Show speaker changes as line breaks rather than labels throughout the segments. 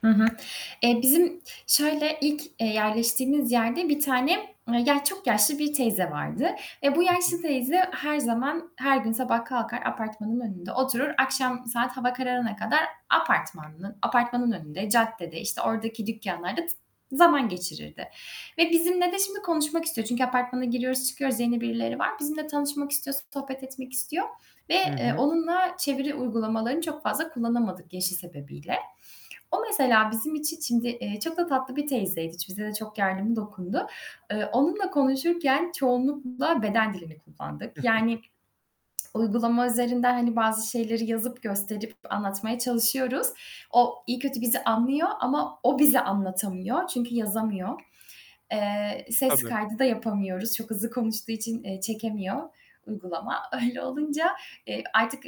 Hı hı. Eee, bizim şöyle: İlk, eee, yerleştiğimiz yerde bir tane, ya çok yaşlı bir teyze vardı. E, bu
Hı
yaşlı
hı.
teyze her zaman, her gün sabah kalkar apartmanın önünde oturur, akşam saat hava kararana kadar apartmanın apartmanın önünde, caddede, işte, oradaki dükkanlarda t zaman geçirirdi ve bizimle de şimdi konuşmak istiyor. Çünkü apartmana giriyoruz, çıkıyoruz, yeni birileri var. Bizimle tanışmak istiyor, sohbet etmek istiyor ve,
Hı
eee,
hı.
onunla çeviri uygulamalarını çok fazla kullanamadık yaşı sebebiyle. O mesela bizim için şimdi, eee, çok da tatlı bir teyzeydi. Hiç bize de çok yardımı dokundu. Eee, onunla konuşurken çoğunlukla beden dilini kullandık. Yani, uygulama üzerinden, hani bazı şeyleri yazıp gösterip anlatmaya çalışıyoruz. O, iyi kötü bizi anlıyor ama o bize anlatamıyor çünkü yazamıyor. Eee, ses
Tabii.
kaydı da yapamıyoruz, çok hızlı konuştuğu için, eee, çekemiyor uygulama. Öyle olunca, eee, artık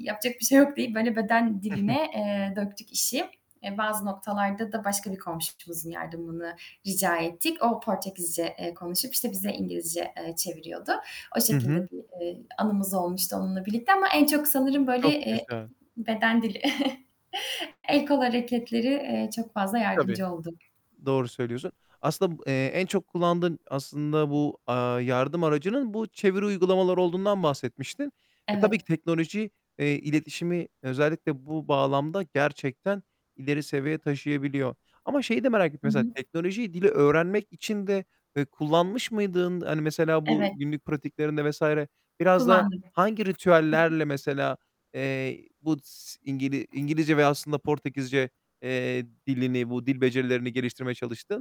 yapacak bir şey yok deyip, böyle, beden
Hı hı.
diline, eee, döktük işi. E, bazı noktalarda da başka bir komşumuzun yardımını rica ettik. O Portekizce, eee, konuşup, işte bize İngilizce, eee, çeviriyordu. O
Hı
şekilde
hı.
bir, eee, anımız olmuştu onunla birlikte ama en çok sanırım, böyle,
Çok
eee,
güzel.
beden dili, el kol hareketleri, eee, çok fazla
Tabii.
yardımcı oldu.
Doğru söylüyorsun. Aslında, eee, en çok kullandığın aslında bu, aaa, yardım aracının bu çeviri uygulamaları olduğundan bahsetmiştin. E, tabii
Evet.
ki teknoloji, eee, iletişimi özellikle bu bağlamda gerçekten ileri seviye taşıyabiliyor. Ama şeyi de merak ettim
Hı
mesela
hı.
teknolojiyi dili öğrenmek için de, eee, kullanmış mıydın? Hani, mesela bu
Evet.
günlük pratiklerinde vs. biraz da
Kullandım.
hangi
Hı hı.
ritüellerle mesela, eee, bu s İngili İngilizce ve aslında Portekizce, eee, dilini bu dil becerilerini geliştirmeye çalıştın?